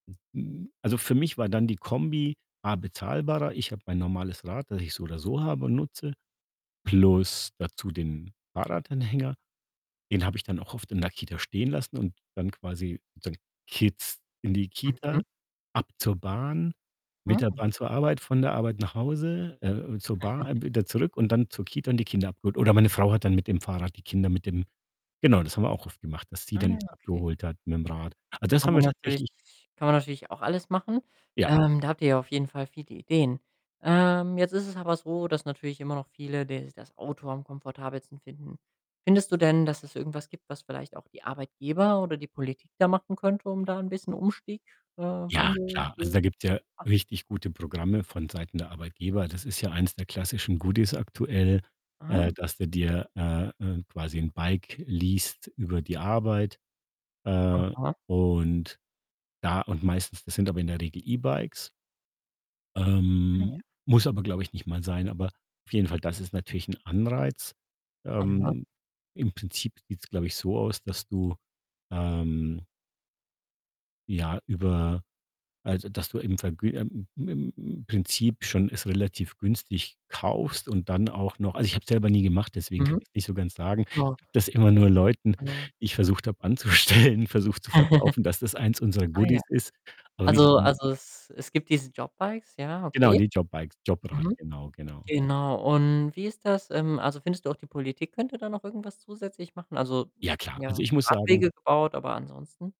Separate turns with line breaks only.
Also, für mich war dann die Kombi A bezahlbarer. Ich habe mein normales Rad, das ich so oder so habe und nutze, plus dazu den Fahrradanhänger. Den habe ich dann auch oft in der Kita stehen lassen und bin dann quasi sozusagen Kids in die Kita,
Mhm.
ab zur Bahn, mit der
Mhm.
Bahn zur Arbeit, von der Arbeit nach Hause, äh, äh, zur Bahn, wieder zurück und dann zur Kita und die Kinder abgeholt. Oder meine Frau hat dann mit dem Fahrrad die Kinder mit dem genau, das haben wir auch oft gemacht, dass sie
Ah,
dann
ja,
die
okay.
abgeholt hat mit'm Rad. Also, das
Kann
haben
man
wir
natürlich
tatsächlich
kann man natürlich auch alles machen.
Ja.
Ähm, da habt ihr ja auf jeden Fall viele Ideen. Ähm, jetzt ist es aber so, dass natürlich immer noch viele des das Auto am komfortabelsten finden. Findest du denn, dass es irgendwas gibt, was vielleicht auch die Arbeitgeber oder die Politik da machen könnte, um da 'n bisschen Umstieg äh,
Ja,
Wandel
klar. Also, da
zu
gibt's ja
machen?
richtig gute Programme vonseiten der Arbeitgeber. Das ist ja eins der klassischen Goodies aktuell,
Ah.
äh, dass du dir, äh, äh, quasi 'n Bike least über die Arbeit, äh,
Aha.
und da und meistens das sind aber in der Regel E-Bikes.
Ah, ja.
Ähm, muss aber, glaube ich, nicht mal sein, aber auf jeden Fall, das ist natürlich 'n Anreiz.
Aha.
Ähm, im Prinzip sieht's, glaube ich, so aus, dass du, ähm ja, über also, dass du im Vergü im im im Prinzip schon es relativ günstig kaufst und dann auch noch also, ich habe es selber nie gemacht, deswegen kann
Mhm.
ich's nicht so ganz sagen. Ich
Ja,
habe das immer
alles
nur Leuten,
gut. Ja.
die ich versucht habe anzustellen, versucht zu verkaufen, dass das eins unserer
Ah, ja.
Goodies ist. Aber wie's
Also
genau
also,
funkt
es es gibt diese JobBikes, ja,
genau,
okay.
die JobBikes, JobRad,
Mhm.
genau, genau.
Genau. Und wie ist das ähm, also, findest du auch die Politik könnte da noch irgendwas zusätzlich machen? Also,
Ja,
es
klar. Also,
ja,
ich muss sagen
Radwege gebaut, aber ansonsten